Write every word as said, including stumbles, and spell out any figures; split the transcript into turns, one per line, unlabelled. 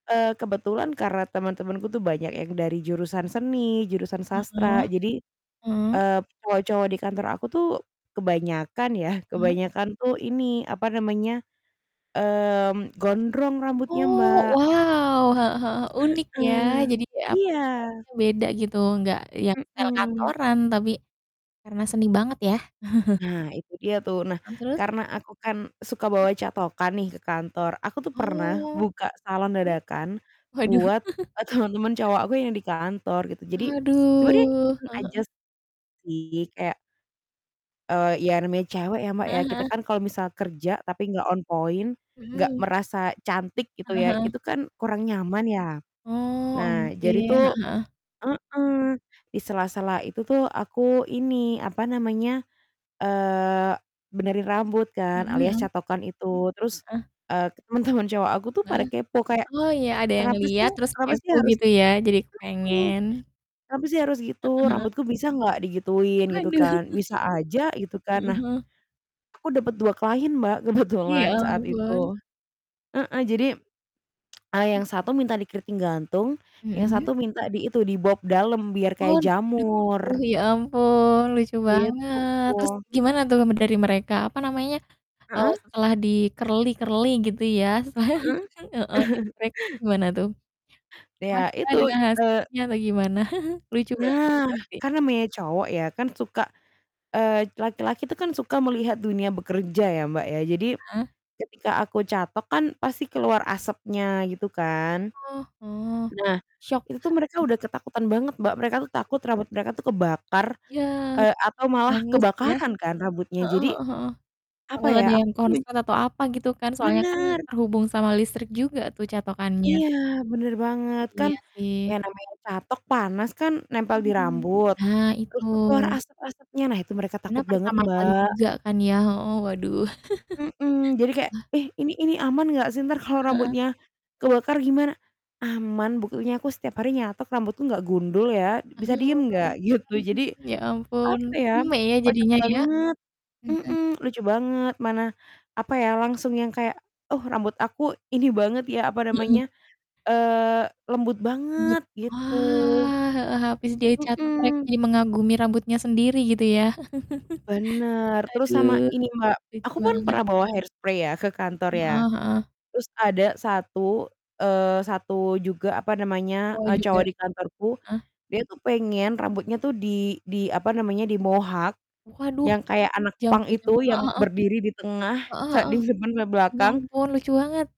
Eee, kebetulan karena teman-temanku tuh banyak yang dari jurusan seni, jurusan sastra,
Heeh.
jadi,
Heeh.
eee, semua cowok di kantor aku tuh kebanyakan ya,
Eh.
kebanyakan tuh ini, apa namanya, mmm, gondrong rambutnya,
Oh,
Mbak.
wow, heeh heeh, unik ya
Heeh.
jadi kayak, apa,
Iya.
style-nya beda gitu enggak yang style,
Mhm.
kantoran, tapi karena seni banget ya.
Nah itu dia tuh, nah
Mmm, terus?
karena aku kan suka
Mmm.
bawa catokan nih ke kantor. Aku tuh pernah
Oh.
buka salon
Mhm.
dadakan
Waduh.
buat, eee, teman-teman cowok aku yang di kantor gitu. Jadi sebenernya
Aduh,
iseng
heeh
aja
heeh.
sih kayak eee, iya namanya cewek ya, Mbak, ya
Heeh
kita
heeh.
kan kalau misal kerja, tapi enggak on point enggak
Mhm.
merasa cantik gitu
Heeh
ya,
heeh.
itu kan kurang nyaman ya.
Oh,
Nah jadi
ongkey. Heeh
tuh
heeh.
heeh, di sela-sela itu tuh aku ini, apa namanya, eee, benerin rambut kan
Mhm
alias
mhm.
catokan itu, terus,
Heeh.
eee, temen-temen cowok aku tuh pada
Heeh.
kepo kayak,
Oh, iya ada yang
"Kenapa sih
ngeliat terus
kenapa sih
kepo
harus"
gitu ya jadi
mhm,
kepengen.
"Kenapa sih harus gitu?
Heeh heeh.
Rambutku bisa enggak digituin?" Gitu
Waduh.
kan, "Bisa aja." Gitu kan.
Heeh
Nah
heeh.
aku dapet dua klien, Mbak,
Iya ya
kebetulan saat
ampun.
itu. Heeh. Jadi, eee,
Mmm.
yang satu minta di kriting gantung yang
Mhm.
satu minta di itu di bob dalem biar kayak
Hon, di dukung
jamur.
ya ampun lucu banget. Terus
Gitu.
gimana tuh dari mereka, apa namanya, eee,
Heeh.
setelah di-curly-curly gitu ya?
Heeh.
Setelah heeh, nyentrik. Gimana tuh?
Iya
Puaskah
itu,
dengan
eee
hasilnya atau gimana? Lucu banget
Nah
pasti.
kan namanya cowok ya kan suka eee, laki-laki itu kan suka melihat dunia bekerja ya, Mbak, ya jadi
Heeh.
ketika aku catok kan pasti keluar asapnya gitu kan.
Oh oh,
Nah
syok
itu tuh
enggak?
mereka udah
Mmm.
ketakutan banget, Mbak, mereka tuh takut rambut mereka tuh kebakar,
Yah malah
eee, atau malah
hangus ya?
kebakaran kan rambutnya.
Heeh
Jadi,
heeh heeh.
apa
Takut
ya,
ada
aku
yang
min
konslet atau apa gitu kan soalnya kan
Benar.
terhubung sama listrik juga tuh catokannya.
Iya bener banget,
Heeh,
kan
iya sih.
yang namanya catok panas kan nempel di
Mhm.
rambut,
Nah
terus
itu.
tuh keluar asep-asepnya nah itu mereka
Karena
takut banget,
pertama kali
Mbak.
juga kan ya, heeh, waduh.
Mhm. Jadi kayak,
Hah?
"Eh, ini ini aman enggak sih? Entar kalau
Heeh heeh,
rambutnya kebakar gimana?" "Aman. Buktinya aku setiap hari nyatok rambutku, enggak gundul ya. Bisa diem nggak?"
Hmm,
Gitu. Jadi,
ya ampun,
apa ya,
rame ya
kocak
jadinya ya.
banget,
Iya kan?
mhm, lucu banget, mana, apa ya, langsung yang kayak, "Oh, rambut aku ini banget ya," apa
Heeh.
namanya, eee, "lembut
Lembut?
banget." Gitu
Wah, heeh, habis dia catok mereka
Mhm.
jadi mengagumi rambutnya sendiri gitu ya.
Bener. Terus sama
Aduh.
ini, Mbak,
Lucu
aku pun
banget.
pernah bawa hair spray ya ke kantor ya.
Heeh heeh.
Terus ada satu, eee, satu juga, apa namanya,
Mau
eee,
juga?
cowok di kantorku,
Heeh.
dia tuh pengen rambutnya tuh di di apa namanya, di mohak
Waduh,
yang kayak anak punk
jambul jam
itu,
heeh
yang
heeh.
berdiri di tengah
Heeh
sa
heeh.
di simpen sampe
Ya
belakang
ampun lucu banget.